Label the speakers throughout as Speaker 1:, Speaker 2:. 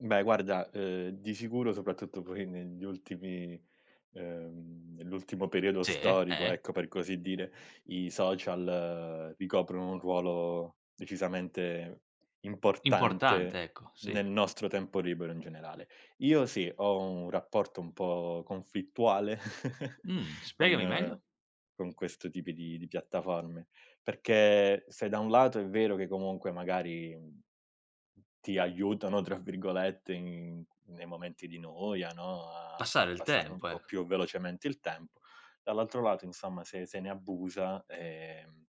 Speaker 1: Beh, guarda, uhm, di sicuro soprattutto poi negli ultimi uhm, nell'ultimo periodo
Speaker 2: Sì,
Speaker 1: storico,
Speaker 2: eh?
Speaker 1: ecco, per così dire, i social, ricoprono un ruolo decisamente importante,
Speaker 2: Importante, ecco, sì.
Speaker 1: nel nostro tempo libero, in generale. Io sì, ho un rapporto un po' conflittuale
Speaker 2: Mh, spiegami
Speaker 1: con
Speaker 2: meglio.
Speaker 1: con questo tipi di piattaforme; perché se da un lato è vero che comunque magari, mhmm, "ti aiutano," tra virgolette, in nei momenti di noia, no, a
Speaker 2: Passare
Speaker 1: far
Speaker 2: il
Speaker 1: passare un
Speaker 2: tempo,
Speaker 1: po'
Speaker 2: ecco.
Speaker 1: più velocemente il tempo, dall'altro lato, insomma, se se ne abusa, ehm,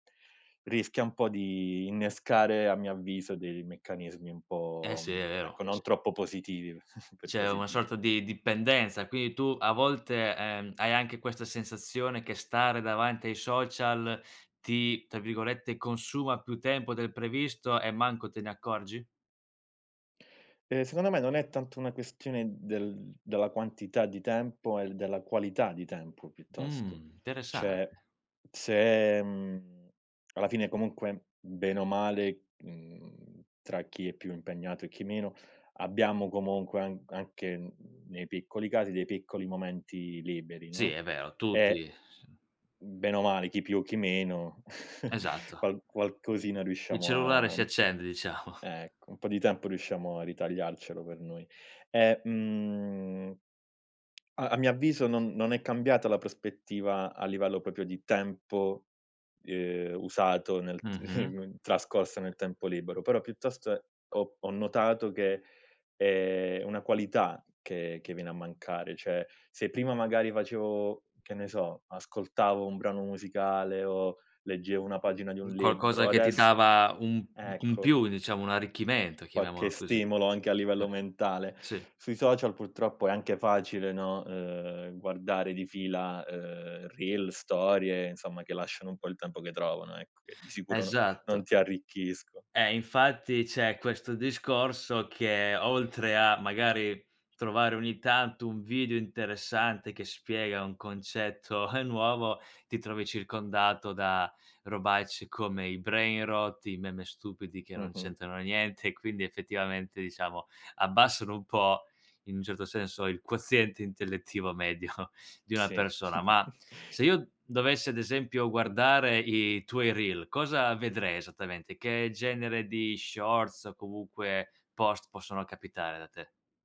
Speaker 1: rischia un po' di innescare, a mio avviso, dei meccanismi un
Speaker 2: Eh,
Speaker 1: po'
Speaker 2: sì, è
Speaker 1: mhmm, ecco,
Speaker 2: vero.
Speaker 1: non
Speaker 2: C
Speaker 1: troppo positiv per
Speaker 2: C'è
Speaker 1: così
Speaker 2: una
Speaker 1: dire.
Speaker 2: sorta di dipendenza. Quindi, tu a volte, ehm, hai anche questa sensazione che stare davanti ai social ti, tra virgolette, "consuma" più tempo del previsto, e manco te ne accorgi?
Speaker 1: Ehm, secondo me, non è tanto una questione del della quantità di tempo, è della qualità di tempo, piuttosto.
Speaker 2: Mh,
Speaker 1: Cioè,
Speaker 2: interessante.
Speaker 1: se mhmm, alla fine, comunque, bene o male, mhmm, tra chi è più impegnato e chi meno, abbiamo comunque an anche nei piccoli casi dei piccoli momenti liberi,
Speaker 2: Sì,
Speaker 1: no,
Speaker 2: è vero, tutti
Speaker 1: e
Speaker 2: Sì
Speaker 1: ben o male, chi più chi meno,
Speaker 2: Esatto.
Speaker 1: qual qualcosina
Speaker 2: Il
Speaker 1: riusciamo
Speaker 2: cellulare
Speaker 1: a mhmm,
Speaker 2: si accende, diciamo.
Speaker 1: ecco, un po' di tempo riusciamo a ritagliarcelo per noi. E, mhmm, a a mio avviso non non è cambiata la prospettiva a livello proprio di tempo, uhm, usato nel t
Speaker 2: Mh-mh.
Speaker 1: trascorso nel tempo libero, però piuttost ho ho notato che è è una qualità che che viene a mancare. Cioè, se prima magari facevo che ne so, ascoltavo un brano musicale o leggevo una pagina di un
Speaker 2: [unintelligible] Qualcosa
Speaker 1: libro,
Speaker 2: che ti
Speaker 1: adess
Speaker 2: dava un un
Speaker 1: ecco.
Speaker 2: più, diciamo, un arricchimento,
Speaker 1: Qualche
Speaker 2: chiamiamolo così. Eh.
Speaker 1: stimolo anche a livello mentale.
Speaker 2: Sì.
Speaker 1: Sui social, purtroppo, è anche facile, no, uhm, guardare di fila, uhm, reels, storie, insomma, che lasciano un po' il tempo che trovano, ecco, che di sicuro no non
Speaker 2: Esatto.
Speaker 1: ti arricchisco
Speaker 2: Eh, infatti, c'è questo discorso, che oltre a, magari, trovare ogni tanto un video interessante che spiega un concetto nuovo, ti trovi circondato da robacce come i brainrot, i meme stupidi che non
Speaker 1: Mh-mh.
Speaker 2: c'entrano niente, e quindi, effettivamente, diciamo, abbassano un po', in un certo senso, il quoziente intellettivo medio di una
Speaker 1: Sì.
Speaker 2: persona. Ma, se io dovessi, ad esempio, guardare i tuoi reel, cosa vedrei esattamente? Che genere di shorts o comunque post possono capitare da te?